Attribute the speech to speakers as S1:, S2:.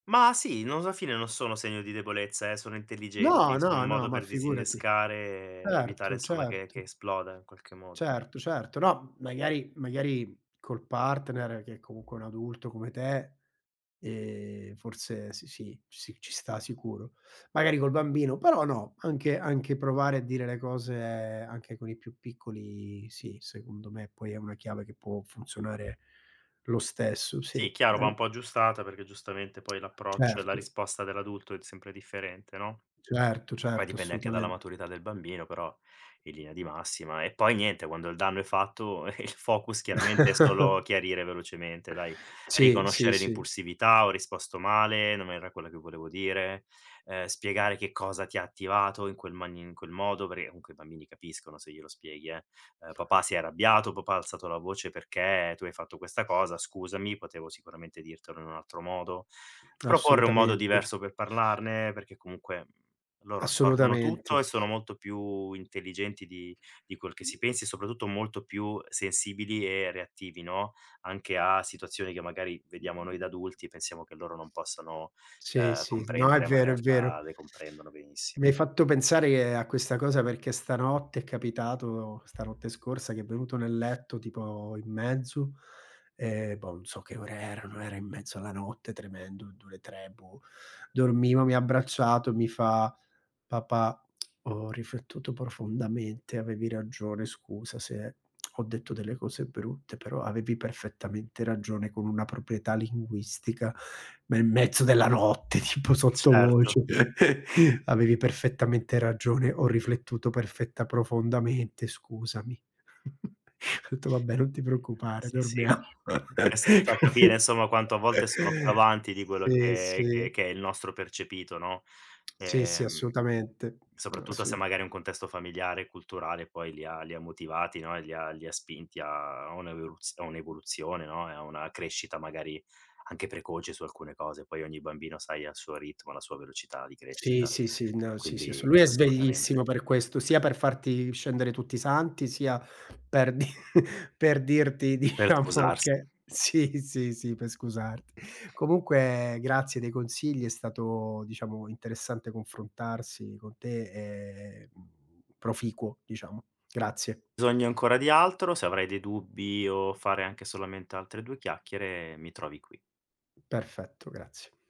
S1: Mah sì, non z a fine non sono segno di debolezza, eh, sono
S2: No,
S1: intelligenti, sono
S2: no,
S1: un
S2: no,
S1: modo
S2: ma
S1: per
S2: figurati.
S1: disinnescare e evitare,
S2: Certo,
S1: insomma, che che
S2: certo.
S1: esploda in qualche modo.
S2: Certo, certo. No, m magari magari col partner, che comunque è un adulto come te, ehm, forse, sì, sì, sì, ci sta sicuro, magari col bambino però no, anche anche provare a dire le cose anche con i più piccoli, sì, secondo me poi è una chiave che può funzionare lo stesso,
S1: Sì,
S2: sì.
S1: chiaro,
S2: Ne
S1: va un
S2: u
S1: po' aggiustata perché giustamente poi l'approccio e la
S2: Certo.
S1: risposta dell'adulto è d sempre differente, no,
S2: Certo,
S1: poi
S2: certo,
S1: dipende anche dalla
S2: assolutamente.
S1: maturità del bambino, però in linea di massima. E poi niente, quando il danno è fatto, il focus chiaramente è solo chiarire velocemente, dai:
S2: Sì, sì,
S1: riconoscere
S2: sì.
S1: l'impulsività, "Ho risposto male, non era quella che volevo dire," ehm, spiegare che cosa ti ha attivato in quel manin in quel modo, perché comunque i bambini capiscono se glielo spieghi, eh, uhm: "Papà si è arrabbiato, papà ha alzato la voce perché tu hai fatto questa cosa, scusami, potevo sicuramente dirtelo in un altro modo." Proporre un modo
S2: Assolutamente.
S1: diverso per parlarne perché comunque, mhmm, loro assorbono
S2: Assolutamente.
S1: tutto e sono molto più intelligenti di di quel che si pensi e soprattutto molto più sensibili e reattivi, no, anche a situazioni che magari vediamo noi da adulti e pensiamo che loro non possano,
S2: Sì,
S1: ehm,
S2: sì. No, è
S1: comprendere, ma in
S2: vero, è vero.
S1: realtà le comprendono benissimo.
S2: Mi hai fatto pensare a questa cosa perché stanotte è capitato, stanotte scorsa, che è venuto nel letto, tipo, in mezzo, ehm, boh, n' so che ore erano, era in mezzo alla notte tremendo, du le 3, boh. Dormivo, mi ha abbracciato, mi fa: "Papà, ho riflettuto profondamente, avevi ragione scusa se ho detto delle cose brutte, però avevi perfettamente ragione," con una proprietà linguistica, ma in mezzo della notte, tipo
S1: Certo.
S2: sottovoce, "Avevi perfettamente ragione, ho riflettuto perfetta profondamente, scusami." Ho detto: "Vabbè, non ti
S1: [unintelligible]
S2: preoccupare,
S1: Sì, sì.
S2: dormiamo."
S1: Questo ti fa capire, insomma, quanto a volte sono più avanti di quello
S2: Sì,
S1: che che
S2: sì.
S1: che è il nostro percepito, no,
S2: Sì, sì
S1: ehm,
S2: assolutamente,
S1: soprattutto se
S2: assolut
S1: magari è un contesto familiare e culturale poi li ha li ha motivati, no, e li ha li ha spinti a a un'everuz a un'evoluzione, no, e a una crescita magari anche precoce su alcune cose. Poi ogni bambino, sai, ha il suo ritmo, ha la sua velocità di
S2: Sì,
S1: crescita,
S2: sì, sì, no, sì, sì
S1: quindi
S2: assolu lui è
S1: assolutamente.
S2: sveglissimo per questo, sia per farti scendere tutti i santi, sia per dir per dirti,
S1: Per
S2: diciamo
S1: scusarsi.
S2: che sì, sì, sì per scusarti. Comunque grazie dei consigli, è stato diciamo interessante confrontarsi con te e, mhmm, proficuo diciamo. Grazie.
S1: Bisogno ancora di altro, se avrai dei dubbi o fare anche solamente altre due chiacchiere mi trovi qui.
S2: Perfetto, grazie.